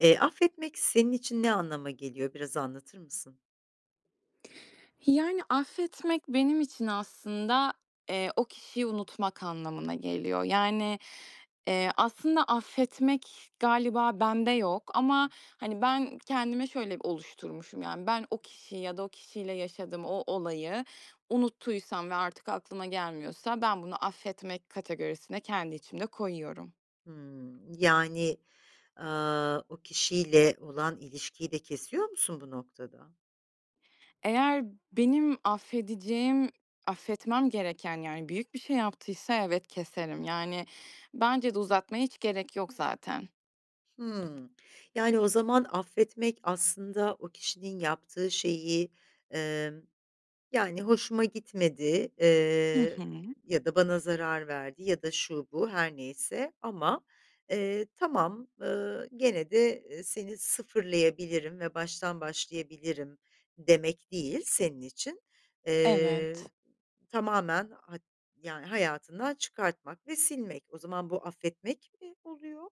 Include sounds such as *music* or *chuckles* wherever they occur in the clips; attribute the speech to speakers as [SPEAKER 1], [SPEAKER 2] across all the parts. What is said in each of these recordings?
[SPEAKER 1] Eee, affetmek senin için ne anlama geliyor, biraz anlatır mısın?
[SPEAKER 2] Yani, affetmek benim için aslında, eee, o kişiyi unutmak anlamına geliyor. Yani, eee, aslında affetmek galiba bende yok. Ama, hani, ben kendime şöyle oluşturmuşum, yani, ben o kişiyi ya da o kişiyle yaşadığım o olayı unuttuysam ve artık aklıma gelmiyorsa ben bunu affetmek kategorisine kendi içimde koyuyorum.
[SPEAKER 1] Hımm, yani, aaa, o kişiyle olan ilişkiyi de kesiyor musun bu noktada?
[SPEAKER 2] Eğer benim affedeceğim, affetmem gereken, yani, büyük bir şey yaptıysa evet, keserim. Yani, bence de uzatmaya hiç gerek yok zaten.
[SPEAKER 1] Hımm, yani, o zaman affetmek aslında o kişinin yaptığı şeyi, emm, yani, hoşuma gitmedi.
[SPEAKER 2] Hı
[SPEAKER 1] Eee,
[SPEAKER 2] hı.
[SPEAKER 1] ya da bana zarar verdi ya da şu bu her neyse ama, eee, tamam, ııı, gene de, eee, seni sıfırlayabilirim ve baştan başlayabilirim demek değil senin için. Eee,
[SPEAKER 2] Evet.
[SPEAKER 1] tamamen hat yani, hayatından çıkartmak ve silmek. O zaman bu affetmek mi oluyor,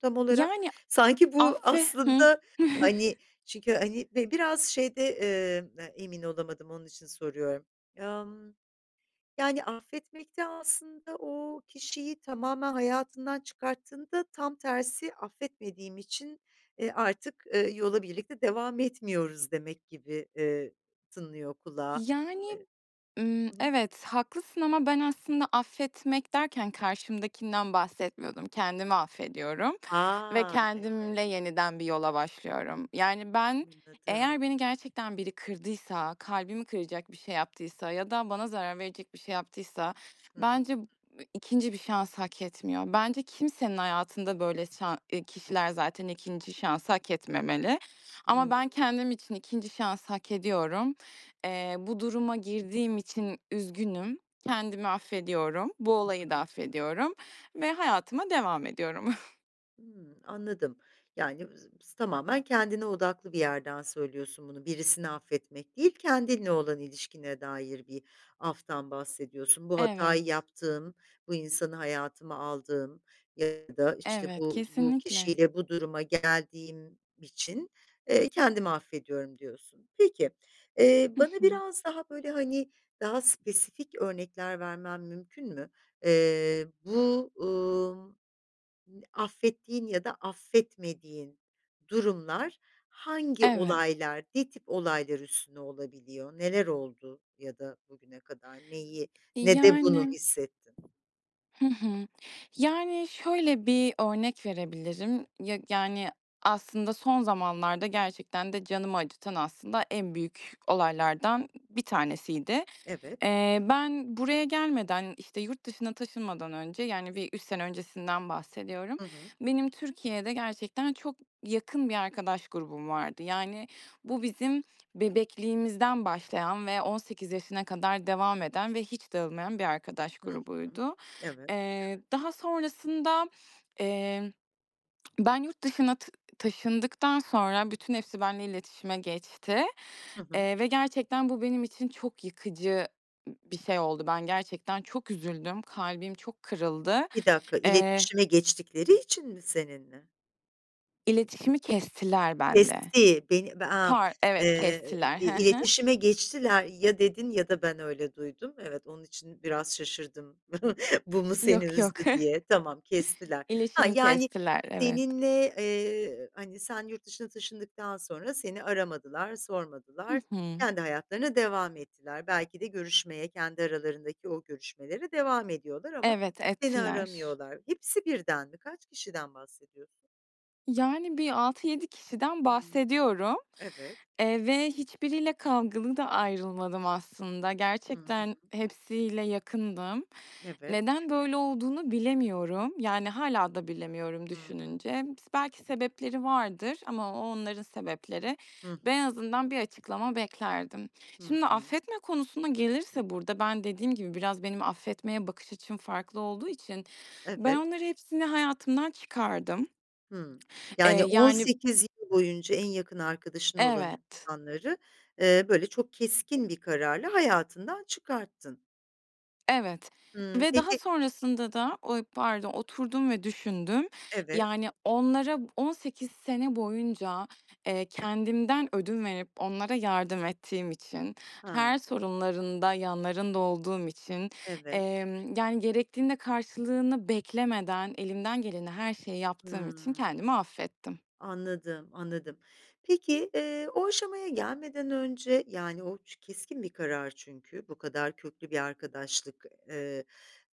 [SPEAKER 1] tam olarak?
[SPEAKER 2] Yani,
[SPEAKER 1] Sanki bu
[SPEAKER 2] affe Hıh.
[SPEAKER 1] aslında hani çünkü
[SPEAKER 2] *chuckles*
[SPEAKER 1] hani, be biraz şeyde, eee, emin olamadım, onun için soruyorum. Emm, yani, affetmek de aslında o kişiyi tamamen hayatından çıkarttığında tam tersi affetmediğim için, eee, artık, ııı, yola birlikte devam etmiyoruz demek gibi, eee, tınlıyor kulağa.
[SPEAKER 2] Yani,
[SPEAKER 1] Eee
[SPEAKER 2] ımm,
[SPEAKER 1] Hı hı.
[SPEAKER 2] evet, haklısın ama ben aslında affetmek derken karşımdakinden bahsetmiyordum. Kendimi affediyorum ve
[SPEAKER 1] A! Evet.
[SPEAKER 2] kendimle yeniden bir yola başlıyorum. Yani, ben
[SPEAKER 1] Anladım.
[SPEAKER 2] eğer beni gerçekten biri kırdıysa, kalbimi kıracak bir şey yaptıysa ya da bana zarar verecek bir şey yaptıysa
[SPEAKER 1] Hı hı.
[SPEAKER 2] bence 2'nci bir şansı hak etmiyor. Bence kimsenin hayatında böyle şa kişiler zaten 2'nci şansı hak etmemeli. Ama
[SPEAKER 1] Hıı.
[SPEAKER 2] ben kendim için 2'nci şansı hak ediyorum. Eee, bu duruma girdiğim için üzgünüm. Kendimi affediyorum. Bu
[SPEAKER 1] Hı
[SPEAKER 2] olayı da
[SPEAKER 1] hı.
[SPEAKER 2] affediyorum ve hayatıma devam ediyorum. *chuckles*
[SPEAKER 1] Hımm, anladım. Yani, *unintelligible* tamamen kendine odaklı bir yerden söylüyorsun bunu. Birisini affetmek değil, kendinle olan ilişkine dair bir aftan bahsediyorsun. "Bu hatayı
[SPEAKER 2] Evet.
[SPEAKER 1] yaptığım, bu insanı hayatıma aldığım ya da, işte,
[SPEAKER 2] Evet,
[SPEAKER 1] bu bu
[SPEAKER 2] kesinlikle.
[SPEAKER 1] kişiyle bu duruma geldiğim için, eee, kendimi affediyorum." diyorsun. Peki, eee,
[SPEAKER 2] Hı
[SPEAKER 1] bana
[SPEAKER 2] hı.
[SPEAKER 1] biraz daha, böyle, hani, daha spesifik örnekler vermen mümkün mü? Eee, bu, ımm, affettiğin ya da affetmediğin durumlar hangi
[SPEAKER 2] Evet.
[SPEAKER 1] olaylar, ne tip olaylar üstüne olabiliyor? Neler oldu ya da bugüne kadar neyi nede bunu
[SPEAKER 2] Yani
[SPEAKER 1] hissettin?
[SPEAKER 2] Hı hı. Yani, şöyle bir örnek verebilirim. Ya, yani, aslında son zamanlarda gerçekten de canımı acıtan aslında en büyük olaylardan bir tanesiydi.
[SPEAKER 1] Evet.
[SPEAKER 2] Eee, ben buraya gelmeden, işte, yurt dışına taşınmadan önce, yani, bir 3 sene öncesinden bahsediyorum.
[SPEAKER 1] Hı hı.
[SPEAKER 2] Benim Türkiye'de gerçekten çok yakın bir arkadaş grubum vardı. Yani, bu bizim bebekliğimizden başlayan ve 18 yaşına kadar devam eden ve hiç dağılmayan bir arkadaş
[SPEAKER 1] Hı hı.
[SPEAKER 2] grubuydu.
[SPEAKER 1] Evet.
[SPEAKER 2] Eee, daha sonrasında, eee, ben yurt dışına tı taşındıktan sonra bütün hepsi benimle iletişime geçti,
[SPEAKER 1] Hı hı.
[SPEAKER 2] eee, ve gerçekten bu benim için çok yıkıcı, ımm, bir şey oldu. Ben gerçekten çok üzüldüm, kalbim çok kırıldı.
[SPEAKER 1] 1 dakika.
[SPEAKER 2] Eee
[SPEAKER 1] İletişime geçtikleri için mi seninle?
[SPEAKER 2] İletişimi kestiler benimle.
[SPEAKER 1] Kesti. Beni, be aaa,
[SPEAKER 2] Par Evet,
[SPEAKER 1] ııı,
[SPEAKER 2] kestiler.
[SPEAKER 1] i
[SPEAKER 2] Hı hı.
[SPEAKER 1] iletişime geçtiler, ya dedin ya da ben öyle duydum. Evet, onun için biraz şaşırdım *chuckles* bu mu seni
[SPEAKER 2] Yok, yok.
[SPEAKER 1] üzdü
[SPEAKER 2] *chuckles*
[SPEAKER 1] diye. Tamam, kestiler. Ha,
[SPEAKER 2] İletişimi
[SPEAKER 1] yani,
[SPEAKER 2] kestiler, evet.
[SPEAKER 1] seninle, eee, hani, sen yurt dışına taşındıktan sonra seni aramadılar,
[SPEAKER 2] Hı
[SPEAKER 1] sormadılar,
[SPEAKER 2] hı.
[SPEAKER 1] kendi hayatlarına devam ettiler. Belki de görüşmeye, kendi aralarındaki o görüşmelere devam ediyorlar ama
[SPEAKER 2] Evet,
[SPEAKER 1] seni
[SPEAKER 2] ettiler.
[SPEAKER 1] aramıyorlar. Hepsi birden mi? Kaç kişiden bahsediyorsun?
[SPEAKER 2] Yani, bir 6-7 kişiden
[SPEAKER 1] Hıı.
[SPEAKER 2] bahsediyorum.
[SPEAKER 1] Evet.
[SPEAKER 2] Eee, ve hiçbiriyle kavgalı da ayrılmadım aslında.
[SPEAKER 1] Hı
[SPEAKER 2] Gerçekten
[SPEAKER 1] hı.
[SPEAKER 2] hepsiyle yakındım.
[SPEAKER 1] Evet.
[SPEAKER 2] Neden böyle olduğunu bilemiyorum. Yani, hâlâ da bilemiyorum
[SPEAKER 1] Hı hı.
[SPEAKER 2] düşününce. Bis belki sebepleri vardır ama o, onların sebepleri.
[SPEAKER 1] Hı
[SPEAKER 2] Ben
[SPEAKER 1] hı.
[SPEAKER 2] en azından bir açıklama beklerdim.
[SPEAKER 1] Hı
[SPEAKER 2] Şimdi
[SPEAKER 1] hı.
[SPEAKER 2] affetme konusuna gelirse burada, ben dediğim gibi biraz benim affetmeye bakış açım farklı olduğu için ben
[SPEAKER 1] Evet.
[SPEAKER 2] onların hepsini hayatımdan çıkardım.
[SPEAKER 1] Hıı.
[SPEAKER 2] Eee,
[SPEAKER 1] Yani, on
[SPEAKER 2] yani
[SPEAKER 1] sekiz yıl boyunca en yakın arkadaşın olan
[SPEAKER 2] Evet.
[SPEAKER 1] insanları, eee, böyle çok keskin bir kararla hayatından çıkarttın.
[SPEAKER 2] Evet.
[SPEAKER 1] Hıı,
[SPEAKER 2] Ve daha
[SPEAKER 1] peki
[SPEAKER 2] sonrasında da o barda oturdum ve düşündüm.
[SPEAKER 1] Evet.
[SPEAKER 2] Yani, onlara 18 sene boyunca, eee, kendimden ödün verip onlara yardım ettiğim için,
[SPEAKER 1] Ha.
[SPEAKER 2] her sorunlarında yanlarında olduğum için,
[SPEAKER 1] Evet.
[SPEAKER 2] emm, yani, gerektiğinde karşılığını beklemeden elimden geleni her şeyi yaptığım için
[SPEAKER 1] Hıı.
[SPEAKER 2] kendimi affettim.
[SPEAKER 1] Anladım, anladım. Peki, eee, o aşamaya gelmeden önce, yani, o ç keskin bir karar çünkü, bu kadar köklü bir arkadaşlık, eee,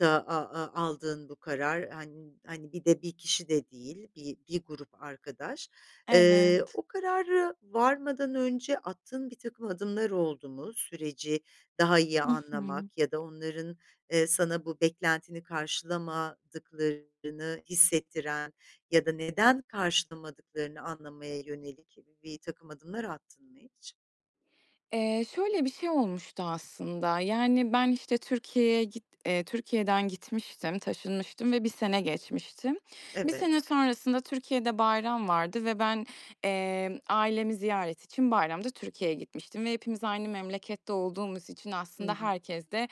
[SPEAKER 1] da a a aldığın bu karar, han hani, bir de 1 kişi de değil, bi bir grup arkadaş. Eee,
[SPEAKER 2] Evet.
[SPEAKER 1] o kararı varmadan önce attığın birtakım adımlar oldu mu? Süreci daha iyi
[SPEAKER 2] Hı hı.
[SPEAKER 1] anlamak ya da onların, eee, sana bu beklentini karşılamadıklarını hissettiren ya da neden karşılamadıklarını anlamaya yönelik birtakım adımlar attın mı hiç?
[SPEAKER 2] Eee, şöyle bir şey olmuştu aslında, yani, ben, işte, Türkiye'ye git eee, Türkiye'den gitmiştim, taşınmıştım ve 1 sene geçmişti. 1
[SPEAKER 1] Evet.
[SPEAKER 2] sene sonrasında Türkiye'de bayram vardı ve ben, eee, ailemi ziyaret için bayramda Türkiye'ye gitmiştim ve hepimiz aynı memlekette olduğumuz için
[SPEAKER 1] Hı
[SPEAKER 2] aslında
[SPEAKER 1] hı.
[SPEAKER 2] herkes de,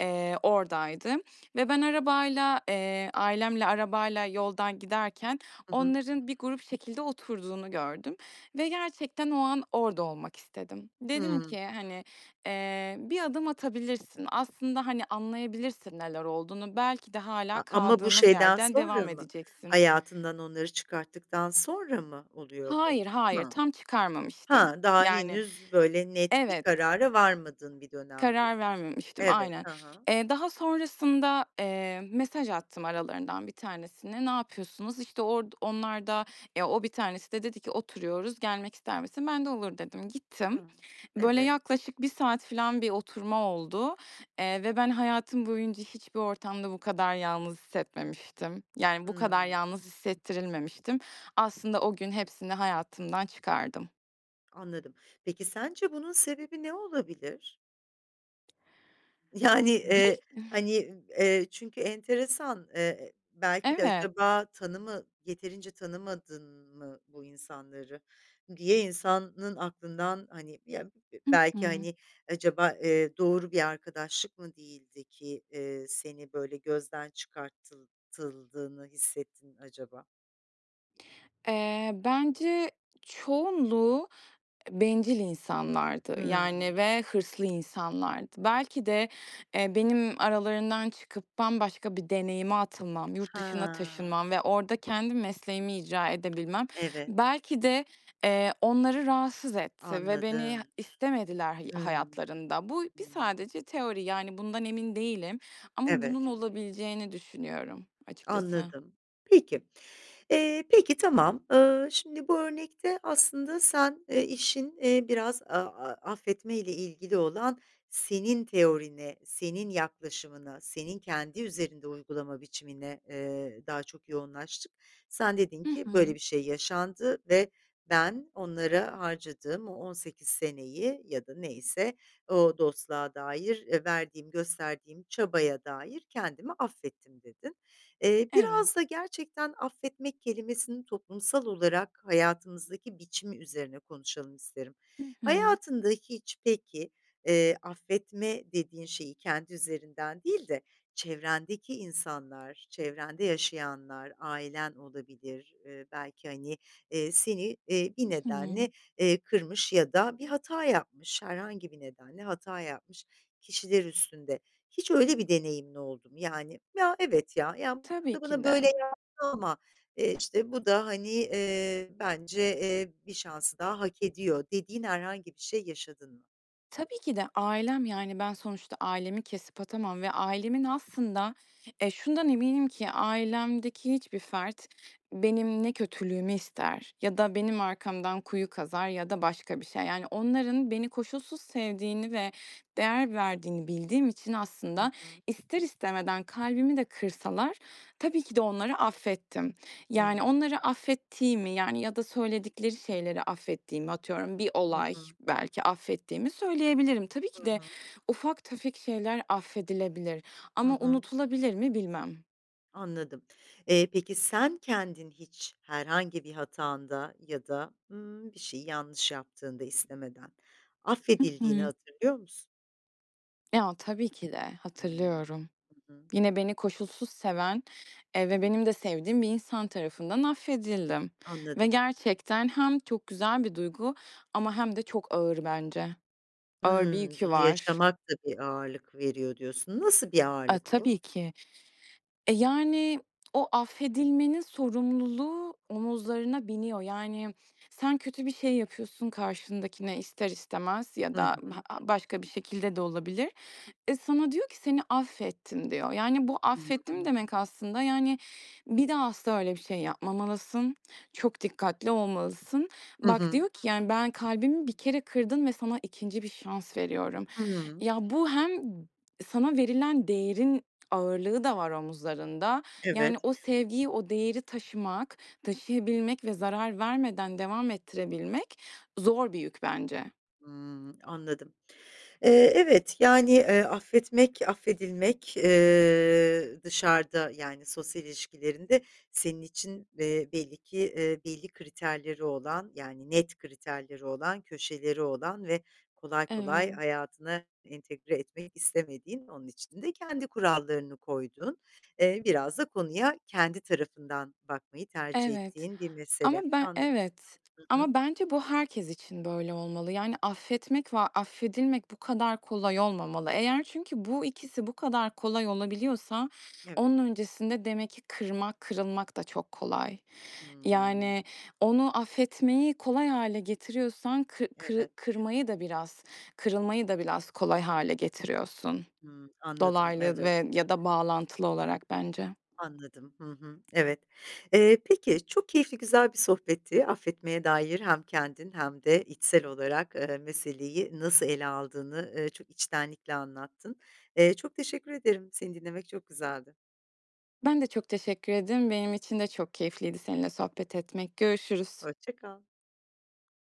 [SPEAKER 2] eee, oradaydı. Ve ben arabayla, eee, ailemle arabayla yoldan giderken
[SPEAKER 1] Hı hı.
[SPEAKER 2] onların bir grup şekilde oturduğunu gördüm ve gerçekten o an orada olmak istedim. Dedim
[SPEAKER 1] Hıı.
[SPEAKER 2] ki, hani, eee, "Bir adım atabilirsin, aslında, hani, anlayabilirsin neler olduğunu? Belki de hâlâ
[SPEAKER 1] A ama bu
[SPEAKER 2] kaldığınız
[SPEAKER 1] şeyden
[SPEAKER 2] yerden devam
[SPEAKER 1] sonra mı
[SPEAKER 2] edeceksin."
[SPEAKER 1] hayatından onları çıkarttıktan sonra mı oluyor bu?
[SPEAKER 2] Hayır, hayır.
[SPEAKER 1] Hı.
[SPEAKER 2] Tam çıkarmamıştım.
[SPEAKER 1] Ha, daha
[SPEAKER 2] Yani
[SPEAKER 1] henüz böyle net bir
[SPEAKER 2] Evet.
[SPEAKER 1] karara varmadığın bir
[SPEAKER 2] Karar
[SPEAKER 1] dönemdesin.
[SPEAKER 2] vermemiştim,
[SPEAKER 1] Evet,
[SPEAKER 2] aynen.
[SPEAKER 1] hı hı.
[SPEAKER 2] Eee, daha sonrasında, eee, mesaj attım aralarından 1 tanesine. Ne yapıyorsunuz? İşte, orda onlar da ya, o 1 tanesi de dedi ki "Oturuyoruz, gelmek ister misin?" Ben de "Olur" dedim. Gittim.
[SPEAKER 1] Hıı,
[SPEAKER 2] Böyle
[SPEAKER 1] evet.
[SPEAKER 2] yaklaşık 1 saat falan bir oturma oldu, eee, ve ben, hayatım boyunca hiçbir ortamda bu kadar yalnız hissetmemiştim. Yani, bu kadar
[SPEAKER 1] Hıı.
[SPEAKER 2] yalnız hissettirilmemiştim. Aslında o gün hepsini hayatımdan çıkardım.
[SPEAKER 1] Anladım, peki, sence bunun sebebi ne olabilir? Yani,
[SPEAKER 2] Bir
[SPEAKER 1] eee, hani, eee, çünkü enteresan, eee, belki de
[SPEAKER 2] Evet.
[SPEAKER 1] acaba tanımı yeterince tanımadın mı bu insanları diye insanın aklından hani ya
[SPEAKER 2] Hı
[SPEAKER 1] belki
[SPEAKER 2] hı.
[SPEAKER 1] hani acaba, eee, doğru bir arkadaşlık mı değildi ki, eee, seni böyle gözden çıkartıldığını hissettin acaba?
[SPEAKER 2] Eee, bence, çoğunluğu e bencil insanlardı, yani
[SPEAKER 1] Hımm.
[SPEAKER 2] ve hırslı insanlardı. Belki de, eee, benim aralarından çıkıp bambaşka bir deneyime atılmam, yurt dışına
[SPEAKER 1] He.
[SPEAKER 2] taşınmam ve orada kendi mesleğimi icra edebilmem
[SPEAKER 1] Evet.
[SPEAKER 2] belki de, eee, onları rahatsız etti ve beni
[SPEAKER 1] Anladım.
[SPEAKER 2] istemediler hı
[SPEAKER 1] Hıı.
[SPEAKER 2] hayatlarında. Bu bir
[SPEAKER 1] Hıı.
[SPEAKER 2] sadece teori, yani, bundan emin değilim ama bunun
[SPEAKER 1] Evet.
[SPEAKER 2] olabileceğini düşünüyorum açıkçası.
[SPEAKER 1] Anladım. Peki, eee, peki, tamam. Eee, şimdi bu örnekte aslında sen, eee, işin, eee, biraz a a affetmeyle ilgili olan senin teorine, senin yaklaşımına, senin kendi üzerinde uygulama biçimine, eee, daha çok yoğunlaştık. Sen dedin
[SPEAKER 2] I
[SPEAKER 1] ki "Böyle
[SPEAKER 2] hı.
[SPEAKER 1] bir şey yaşandı ve ben onlara harcadığım o 18 seneyi ya da neyse o dostluğa dair verdiğim, gösterdiğim çabaya dair kendimi affettim." dedin. Eee,
[SPEAKER 2] Evet.
[SPEAKER 1] biraz da gerçekten affetmek kelimesinin toplumsal olarak hayatımızdaki biçimi üzerine konuşalım isterim.
[SPEAKER 2] Hı hı.
[SPEAKER 1] Hayatında hiç peki, eee, affetme dediğin şeyi kendi üzerinden değil de çevrendeki insanlar, çevrende yaşayanlar, ailen olabilir, eee, belki, hani, eee, seni, eee,
[SPEAKER 2] I
[SPEAKER 1] bir nedenle,
[SPEAKER 2] hı.
[SPEAKER 1] eee, kırmış ya da bir hata yapmış, herhangi bir nedenle hata yapmış kişiler üstünde. Hiç öyle bir deneyimin oldu mu? Yani, "Ya, evet ya, ya, bu
[SPEAKER 2] Tabii
[SPEAKER 1] da
[SPEAKER 2] ki
[SPEAKER 1] bana böyle
[SPEAKER 2] de.
[SPEAKER 1] yaptı ama, eee, işte, bu da, eee, hani, bence, eee, bir şansı daha hak ediyor." dediğin herhangi bir şey yaşadın mı?
[SPEAKER 2] Tabii ki de ailem. Yani, ben sonuçta ailemi kesip atamam ve ailemin, aslında eee, şundan eminim ki ailemdeki hiçbir fert benim ne kötülüğümü ister ya da benim arkamdan kuyu kazar ya da başka bir şey. Yani, onların beni koşulsuz sevdiğini ve değer verdiğini bildiğim için,
[SPEAKER 1] Hı
[SPEAKER 2] aslında,
[SPEAKER 1] hı.
[SPEAKER 2] ister istemeden kalbimi de kırsalar tabii ki de onları affettim. Yani,
[SPEAKER 1] Hıı.
[SPEAKER 2] onları affettiğimi, yani ya da söyledikleri şeyleri affettiğimi, atıyorum, bir
[SPEAKER 1] Hı
[SPEAKER 2] olay
[SPEAKER 1] hı.
[SPEAKER 2] belki affettiğimi söyleyebilirim. Tabii
[SPEAKER 1] Hı
[SPEAKER 2] ki de
[SPEAKER 1] hı.
[SPEAKER 2] ufak tefek şeyler affedilebilir.
[SPEAKER 1] Hı
[SPEAKER 2] Ama
[SPEAKER 1] hı.
[SPEAKER 2] unutulabilir mi, bilmem.
[SPEAKER 1] Anladım. Eee, peki, sen kendin hiç herhangi bir hatanda ya da, ımm, bir şeyi yanlış yaptığında istemeden
[SPEAKER 2] Hı
[SPEAKER 1] affedildiğini
[SPEAKER 2] hı.
[SPEAKER 1] hatırlıyor musun?
[SPEAKER 2] Ya, tabii ki de
[SPEAKER 1] Hımm.
[SPEAKER 2] hatırlıyorum.
[SPEAKER 1] Hı hı.
[SPEAKER 2] Yine beni koşulsuz seven, eee, ve benim de sevdiğim bir insan tarafından affedildim ve
[SPEAKER 1] Anladım.
[SPEAKER 2] gerçekten hem çok güzel bir duygu ama hem de çok ağır bence. Ağır bir
[SPEAKER 1] Hımm,
[SPEAKER 2] yükü
[SPEAKER 1] bunu
[SPEAKER 2] var.
[SPEAKER 1] yaşamak da bir ağırlık veriyor diyorsun. Nasıl bir
[SPEAKER 2] A,
[SPEAKER 1] ağırlık bu?
[SPEAKER 2] tabii ki. E, yani, o affedilmenin sorumluluğu omuzlarına biniyor. Yani, sen kötü bir şey yapıyorsun karşındakine ister istemez ya
[SPEAKER 1] Hı
[SPEAKER 2] da
[SPEAKER 1] hı.
[SPEAKER 2] ha başka bir şekilde de olabilir. E, sana diyor ki: "Seni affettim." diyor. Yani, bu,
[SPEAKER 1] Hı
[SPEAKER 2] "affettim"
[SPEAKER 1] hı.
[SPEAKER 2] demek aslında, yani, "Bir daha asla öyle bir şey yapmamalısın. Çok dikkatli olmalısın."
[SPEAKER 1] Hı
[SPEAKER 2] Bak,
[SPEAKER 1] hı.
[SPEAKER 2] diyor ki, yani, "Ben, kalbimi bir kere kırdın ve sana 2'nci bir şans veriyorum."
[SPEAKER 1] Hımm.
[SPEAKER 2] Ya, bu hem sana verilen değerin ağırlığı da var omuzlarında yani,
[SPEAKER 1] Evet.
[SPEAKER 2] o sevgiyi, o değeri taşımak, taşıyabilmek ve zarar vermeden devam ettirebilmek zor bir yük bence.
[SPEAKER 1] Hımm, anladım. Eee, evet, yani, eee, affetmek, affedilmek, eee, dışarıda yani sosyal ilişkilerinde senin için, eee, belli ki, eee, belli kriterleri olan, yani, net kriterleri olan, köşeleri olan ve kolay kolay
[SPEAKER 2] Evet.
[SPEAKER 1] hayatına entegre etmek istemediğin, onun için de kendi kurallarını koyduğun, eee, biraz da konuya kendi tarafından bakmayı tercih
[SPEAKER 2] Evet,
[SPEAKER 1] ettiğin bir
[SPEAKER 2] ama
[SPEAKER 1] mesele.
[SPEAKER 2] ben
[SPEAKER 1] Anladım.
[SPEAKER 2] evet
[SPEAKER 1] Hı hı.
[SPEAKER 2] ama bence bu herkes için böyle olmalı. Yani, affetmek ve affedilmek bu kadar kolay olmamalı. Eğer çünkü bu ikisi bu kadar kolay olabiliyorsa
[SPEAKER 1] Evet.
[SPEAKER 2] onun öncesinde demek ki kırmak, kırılmak da çok kolay.
[SPEAKER 1] Hımm.
[SPEAKER 2] Yani, onu affetmeyi kolay hâle getiriyorsan kı kırı
[SPEAKER 1] Evet.
[SPEAKER 2] kırmayı da biraz, kırılmayı da biraz kolay hâle getiriyorsun.
[SPEAKER 1] Hıı, anladım,
[SPEAKER 2] Dolaylı
[SPEAKER 1] evet.
[SPEAKER 2] ve ya da bağlantılı olarak bence.
[SPEAKER 1] Anladım. Hı hı, evet. Eee, peki, çok keyifli, güzel bir sohbetti affetmeye dair. Hem kendin hem de içsel olarak, eee, meseleyi nasıl ele aldığını, ııı, çok içtenlikle anlattın. Eee, çok teşekkür ederim, seni dinlemek çok güzeldi.
[SPEAKER 2] Ben de çok teşekkür ederim. Benim için de çok keyifliydi seninle sohbet etmek. Görüşürüz.
[SPEAKER 1] Hoşça kal.